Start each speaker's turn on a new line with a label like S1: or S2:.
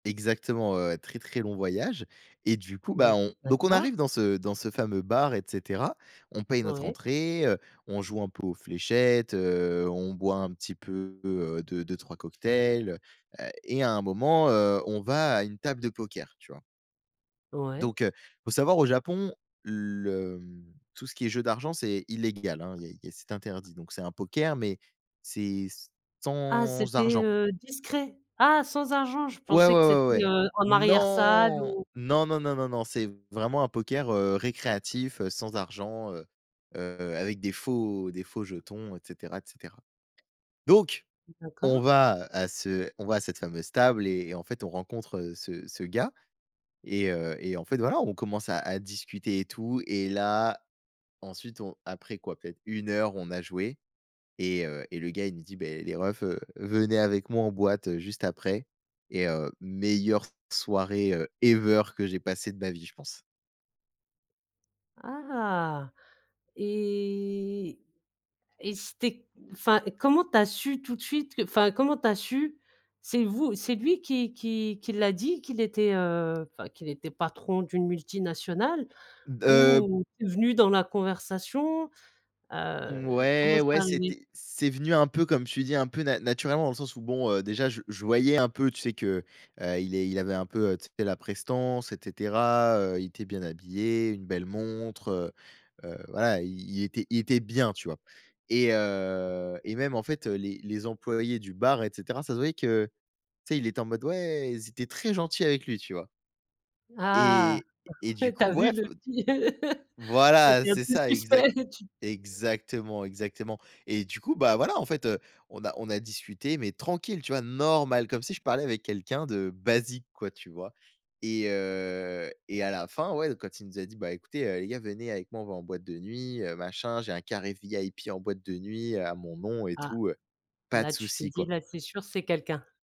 S1: Exactement, heu, très, très long voyage et du coup,
S2: Mmh,
S1: bah on donc on
S2: d'accord.
S1: arrive dans ce dans ce fameux bar et cetera. On paye notre
S2: Oui.
S1: entrée, heu, on joue un peu aux fléchettes, heu, on boit un petit peu, heu, 2-2-3 cocktails, heu et à un moment, heu, on va à une table de poker, tu vois?
S2: Ouais.
S1: Donc heu, faut savoir au Japon, le, mmh, tout ce qui est jeu d'argent c'est illégal hein. Il y a il y a c c'est interdit donc c'est un poker mais c'est s
S2: Ah,
S1: sans
S2: c'était,
S1: argent.
S2: heu, discret? Ah, sans argent. Je
S1: Ouais, ouais,
S2: pensais que
S1: ouais,
S2: c'était,
S1: ouais.
S2: heu, en arrière salle,
S1: Non.
S2: ou
S1: Non, non, non, non. C'est vraiment un poker, heu, récréatif, heu, sans argent, heu, heu, avec des faux des faux jetons et cetera, et cetera. Donc, on
S2: D'accord.
S1: va à ce on va à cette fameuse table et en fait on rencontre, heu, ce ce gars et heu et en fait, voilà, on commence à à discuter et tout et là, ensuite on après quoi? Peut-être 1 heure on a joué et heu et le gars il me dit: «Beh les reufsn heu, venez avec moi en boîte juste après» et heu, meilleure soirée, heu, ever que j'ai passé de ma vie je pense.
S2: Ah et et c'était enfin, comment tu as su tout de suite, que enfin, comment tu as su? C'est vous? C'est lui qui qui qui l'a dit qu'il était, heu, enfin, qu'il était patron d'une multinationale
S1: B heu
S2: ou c'est venu dans la conversation? Heu, comment
S1: Mouais, ouais,
S2: c'est arrivé?
S1: c'était c'est venu un peu, comme tu dis, un peu na naturellement dans le sens où bon, heu, déjà je je voyais un peu, tu sais que, heu, il est il avait un peu, heu, tu sais, la prestance et cetera. Heu, il était bien habillé, une belle montre, heu, heu, voilà, il il était il était bien, tu vois? Et heu et même en fait, heu les, les employés du bar et cetera, ça se voyait que tu sais il était en mode: «Ouais!» ils étaient très gentils avec lui, tu vois?
S2: Ah.
S1: Et et du
S2: Tu
S1: coup,
S2: as vu
S1: ouais f
S2: le vi
S1: voilà
S2: c'était un
S1: c'est
S2: peu
S1: ça, exact
S2: suspect et tu
S1: exactement, exactement. Et du coup bah, voilà, en fait, heu, on a on a discuté mais tranquille, tu vois? Normal, comme si je parlais avec quelqu'un de basique quoi, tu vois? Et heu et à la fin ouais donc quand il nous a dit: «Bah écoutez, heu, les gars, venez avec moi, on va en boîte de nuit, heu, machin, j'ai un carré VIP en boîte de nuit, heu, à mon nom et
S2: Ah.
S1: tout», heu, pas de
S2: Là tu t'es
S1: souci
S2: dit:
S1: quoi.
S2: «Là c'est sûr c'est quelqu'un».